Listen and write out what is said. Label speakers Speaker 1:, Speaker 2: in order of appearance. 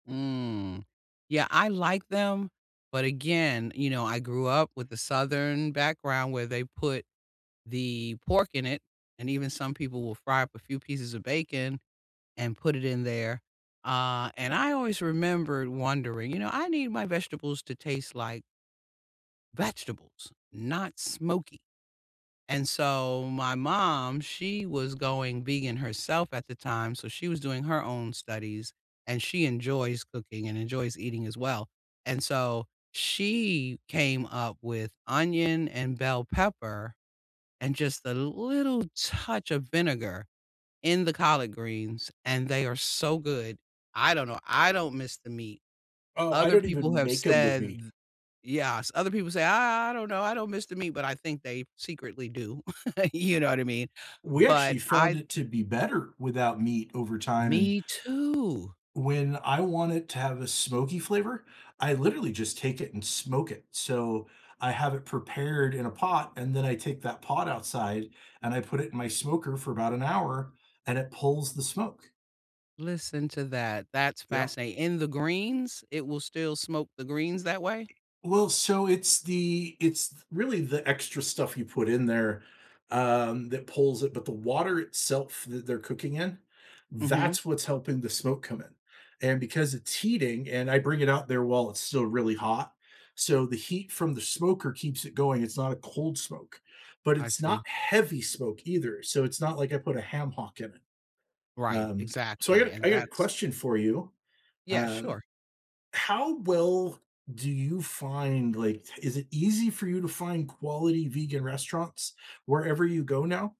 Speaker 1: Mm. Yeah, I like them, but again, you know, I grew up with the southern background where they put the pork in it, and even some people will fry up a few pieces of bacon, and put it in there. Uh, and I always remembered wondering, you know, I need my vegetables to taste like vegetables, not smoky. And so, my mom, she was going vegan herself at the time, so she was doing her own studies, and she enjoys cooking, and enjoys eating as well, and so, she came up with onion, and bell pepper, and just a little touch of vinegar in the collard greens, and they are so good. I don't know, I don't miss the meat.
Speaker 2: Oh, I
Speaker 1: Other
Speaker 2: don't
Speaker 1: people
Speaker 2: even
Speaker 1: have
Speaker 2: make 'em with
Speaker 1: said,
Speaker 2: meat.
Speaker 1: "Th yes." Other people say, "I I I don't know, I don't miss the meat," but I think they secretly do. You know what I mean?
Speaker 2: We
Speaker 1: But
Speaker 2: actually
Speaker 1: I
Speaker 2: found it to be better without meat over time, and
Speaker 1: Me too!
Speaker 2: when I want it to have a smoky flavor, I literally just take it and smoke it. So, I have it prepared in a pot, and then I take that pot outside, and I put it in my smoker for about an hour, and it pulls the smoke.
Speaker 1: Listen to that, that's
Speaker 2: Yeah.
Speaker 1: fascinat in the greens? It will still smoke the greens that way?
Speaker 2: Well, so it's the it's th really, the extra stuff you put in there, um, that pulls it, but the water itself that they're cooking in,
Speaker 1: Mhm.
Speaker 2: that's what's helping the smoke come in. And because it's heating, and I bring it out there while it's still really hot, so the heat from the smoker keeps it going it's not a cold smoke, but
Speaker 1: I
Speaker 2: it's
Speaker 1: see.
Speaker 2: not heavy smoke either, so it's not like I put a ham hock in it.
Speaker 1: Right,
Speaker 2: Um, so I
Speaker 1: exactly,
Speaker 2: got
Speaker 1: and
Speaker 2: I gotta
Speaker 1: that's
Speaker 2: question for you.
Speaker 1: Yeah,
Speaker 2: Um,
Speaker 1: sure.
Speaker 2: how well do you find like, is it easy for you to find quality vegan restaurants wherever you go now?